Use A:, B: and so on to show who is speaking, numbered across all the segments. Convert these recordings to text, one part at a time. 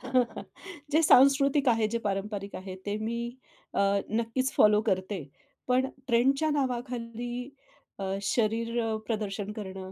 A: जे सांस्कृतिक आहे, जे पारंपरिक आहे ते मी अ, नक्कीच फॉलो करते. पण ट्रेंडच्या नावाखाली अ, शरीर अ, प्रदर्शन करणं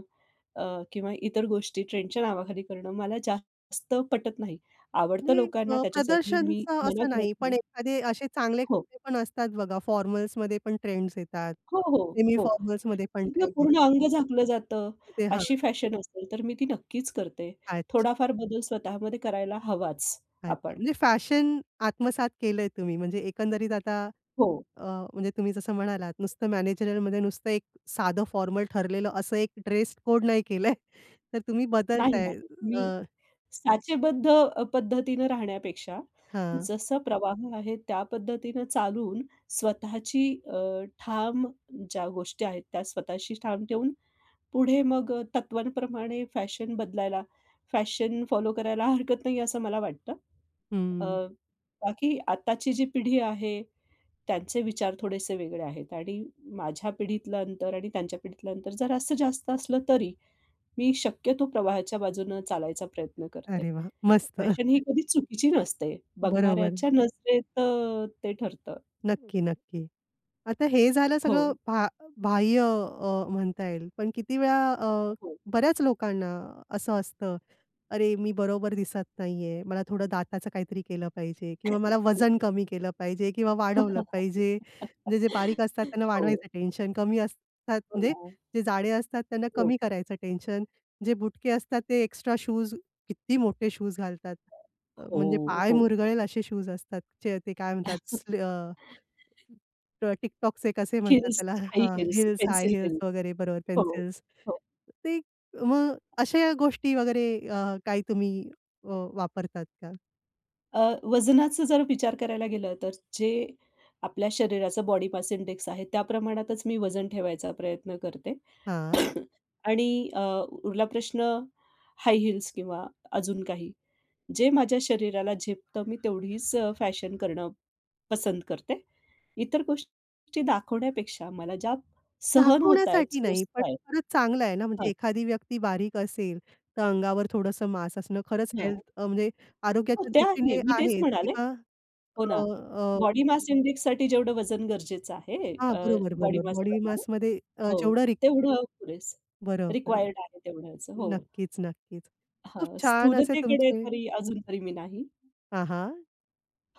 A: अ, किंवा इतर गोष्टी ट्रेंडच्या नावाखाली करणं मला जास्त पटत नाही. आवडतं
B: म्हणजे
A: लोकांना
B: अ,
A: त्याच्यासाठी मी
B: प्रदर्शनचं
A: मना
B: असं
A: करत
B: नाही, पण
A: नाही.
B: एखादे असे चांगले
A: हो.
B: कपडे पण असतात बघा, फॉर्मल्समध्ये पण ट्रेंड्स येतात,
A: हो, हो,
B: सेमी
A: हो,
B: फॉर्मल्समध्ये पण
A: जिथून
B: ट्रेंड्स
A: पूर्ण
B: येतात.
A: अंग झाकलं जातं
B: ते हां.
A: अशी फॅशन असेल, तर मी ती नक्कीच करते.
B: अच्छा.
A: थोडाफार बदल स्वतः मध्ये करायला हवाच
B: अच्छा,
A: आपण.
B: म्हणजे फॅशन आत्मसात केलंय तुम्ही म्हणजे एकंदरीत आता
A: हो.
B: अ, म्हणजे तुम्ही जसं म्हणालात नुसतं मॅनेजरियलमध्ये नुसतं एक साधं फॉर्मल ठरलेलं असं एक ड्रेस कोड नाही केलंय, तर तुम्ही
A: नाही,
B: बदलताय
A: नाही.
B: अ
A: मी साचेबद्ध अ, पद्धतीनं राहण्यापेक्षा
B: हां.
A: जसं प्रवाह आहे त्या पद्धतीनं चालून स्वतःची अ, ठाम ज्या गोष्टी आहेत त्या स्वतःशी ठाम ठेवून पुढे मग तत्त्वांप्रमाणे फॅशन बदलायला फॅशन फॉलो करायला हरकत नाही असं मला वाटतं. अ,
B: हं.
A: बाकी आत्ताची जी पिढी आहे त्यांचे विचार थोडेसे वेगळे आहेत आणि माझ्या पिढीतलं अंतर आणि त्यांच्या पिढीतलं अंतर जरासं जास्त असलं तरी, मी शक्यतो प्रवाहाच्या बाजूनं चालायचा प्रयत्न करते.
B: अरे वाह! मस्त.
A: फॅशन ही कधी चुकीची नसते.
B: बरोबर.
A: बघणाऱ्याच्या नजरेत अ, ते ठरतं.
B: नक्की, नक्की. आता हे झालं सगळं
A: हो.
B: भा बाह्य अ, म्हणता येईल, पण किती वेळा अ,
A: हो.
B: बऱ्याच लोकांना असं असतं, अरे मी बरोबर दिसत नाहीये. मला थोडं दाताचं काहीतरी केलं पाहिजे किंवा मला वजन कमी केलं पाहिजे किंवा वाढवलं पाहिजे. म्हणजे जे बारीक असतात त्यांना
A: हो.
B: वाढवायचं टेन्शन, कमी असतात
A: हो
B: म्हणजे
A: ना.
B: जे जाडे असतात त्यांना
A: हो.
B: कमी करायचं टेन्शन, जे बुटके असतात ते एक्स्ट्रा शूज किती मोठे शूज घालतात. अ,
A: हो,
B: म्हणजे पाय
A: हो, हो.
B: मुरगळेल असे शूज असतात, च ते काय म्हणतात स अ, ट टिकटॉकचे कसे म्हणतात
A: हिल्स,
B: त्याला
A: हाई
B: हां,
A: heels,
B: heels, high
A: pencil
B: heels
A: heels.
B: वगैरे बरोबर
A: हो,
B: पेन्सिल्स
A: हो.
B: ते मग अशा गोष्टी वगैरे अ, काही तुम्ही अ, वापरतात का?
A: अ, वजनाचा जर विचार करायला गेलं, तर जे आपल्या शरीराचा बॉडी मास इंडेक्स आहे. त्या प्रमाणातच मी वजन ठेवायचा प्रयत्न करते
B: हां.
A: आणि अ, उरला प्रश्न हाय हिल्स किंवा अजून काही, जे माझ्या शरीराला झेपतं. मी तेवढीच अ, फॅशन करणं पसंत करते. इतर गोष्टी दाखवण्यापेक्षा, मला ज्या सहन होतायेत,
B: दाखवण्यासाठी नाही,
A: सोसत
B: पण
A: आहेत
B: खरंच चांगलं आहे ना म्हणजे
A: हां.
B: एखादी व्यक्ती बारीक असेल, तर अंगावर थोडंसं मास असणं खरंच हेल्थ
A: हां.
B: अ, म्हणजे
A: हो, ते आहे.
B: आरोग्याच्यादृष्टीने
A: मी तेच
B: आहे
A: म्हणाले.
B: किंवा
A: हो
B: अ,
A: ना,
B: अ
A: बॉडी मास इंडेक्ससाठी जेवढं वजन गरजेचं आहे.
B: हां,
A: अ,
B: बरोबर, बरोबर. बॉडी
A: बॉडीमासप्रमाणे
B: मासमध्ये अ,
A: हो,
B: जेवढा री
A: तेवढं पुरेसं
B: बरोबर.
A: रिक्वायर्ड आहे तेवढ्याच हो.
B: नक्कीच, नक्कीच. खूप
A: हां,
B: छान असे
A: स्थूलतेकडे
B: तुमचे
A: तरी अजून तरी मी नाही.
B: हां, हां,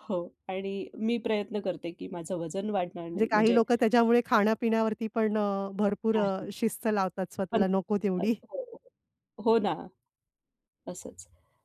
A: हो आणि मी प्रयत्न करते की माझं वजन वाढणार
B: म्हणजे
A: नाही.
B: काही
A: म्हणजे
B: लोकं त्याच्यामुळे खाण्यापिण्यावरती पण अ, भरपूर
A: नाही.
B: अ, शिस्त लावतात
A: पण
B: स्वतःला नको तेवढी.
A: [unintelligible] हो ना, तसंच.